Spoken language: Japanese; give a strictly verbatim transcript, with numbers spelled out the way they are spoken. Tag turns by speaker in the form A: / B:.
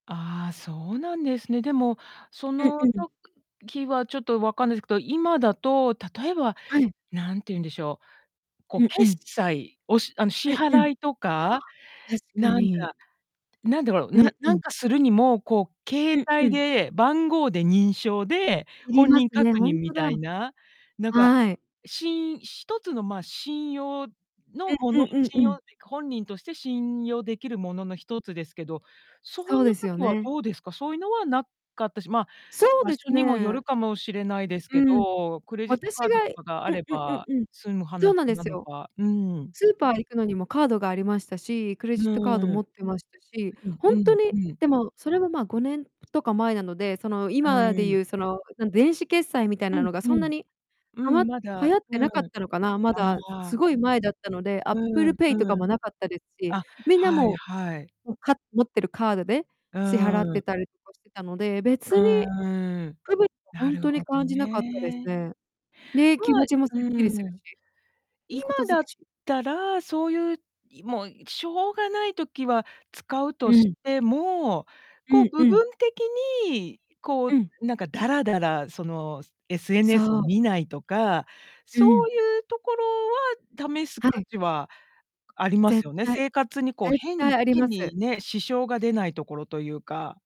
A: ああ、そうなんですね。でも、そ
B: うん
A: の
B: うん。
A: 時はちょっと分かんないすけど、今だと、例えば、
B: はい。
A: なんて言うんでしょう、こう、
B: うんう
A: 決
B: ん。
A: 済おしあの、支
B: うんうん。あ、
A: 払いとか、
B: 確か
A: なん
B: に。
A: か、なんだろう、
B: う
A: なな
B: んう
A: なん
B: ん。
A: かするにも、こう、
B: う
A: 携
B: んう
A: 帯
B: ん。
A: で番号で認証で
B: 要り
A: 本
B: ます
A: 人
B: ね、
A: 確
B: ほ
A: 認
B: んと
A: み
B: だ。
A: たいな。なんか、
B: はい。
A: しん一つの、ま、信用
B: う
A: のも
B: んう
A: の
B: ん
A: 信
B: うんう
A: 用
B: ん。
A: っていうか、本人として信用できるものの一つですけど、そ
B: そ
A: う
B: う
A: の
B: ですよ
A: 時は
B: ね。
A: どうですか？そういうのは無かったし、まあ、
B: そう
A: 場
B: で
A: 所
B: す
A: にもよ
B: ね。
A: るかもしれないですけ
B: うん。
A: ど、クレジット
B: 私
A: カード
B: が、
A: と
B: い
A: かがあ
B: う
A: れ
B: うう
A: ば
B: うん。
A: 済む
B: そ
A: 話
B: うなんで
A: な
B: す
A: の
B: よ。
A: か、うーん。
B: スーパー行くのにもカードがありましたし、クレ
A: う
B: ジットカード
A: ーん。
B: 持
A: う
B: ってましたし、ほ
A: う
B: んと
A: ん、う
B: に
A: んうん。
B: でも、それも、まあ、ごねんとか前なので、その、
A: う
B: 今で
A: ー
B: ゆ
A: ん。
B: う、その、なん電子決済みたい
A: う
B: な
A: ん、
B: のが
A: ふ
B: そんな
A: ん。
B: に、
A: う
B: はま
A: ん、
B: 流
A: まだ、
B: 行って
A: うん。
B: なかったのかな、ま
A: あ
B: だ、す
A: あ。
B: ごい前だったので、
A: う
B: Apple
A: ん、
B: Pay とか
A: うん。
B: も無かったですし、
A: あ、
B: みんな
A: はい
B: も
A: はい。
B: うもう、か持ってるカードで
A: う
B: 支払っ
A: ーん。
B: てたりとかしてたので、別
A: う
B: に、
A: ーん、
B: 区別、ほ
A: な
B: ん
A: る
B: とに
A: ほど
B: 感じなかったです
A: ね。
B: ね。で、気
A: も、あ
B: 持
A: い
B: ちもす
A: う
B: っきりする
A: ーん。
B: し。い
A: 今
B: いこと尽
A: だっ
B: くし。
A: たら、そういう、いもう、しょうがない時は使う
B: う
A: とし
B: ん。
A: ても、こ
B: う
A: う、
B: ん
A: 部
B: うん。
A: 分的に、こ
B: うん。
A: う、なんかだらだら、その、SNS を
B: そう。
A: 見ないとか、
B: う
A: そう
B: ん。
A: ゆうところは試す
B: は
A: 価
B: い。
A: 値はあります
B: 絶
A: よね。
B: 対。
A: 生活にこう、
B: 絶
A: 変
B: 対ありま
A: 変
B: す。
A: にね、支障が出ないところというか。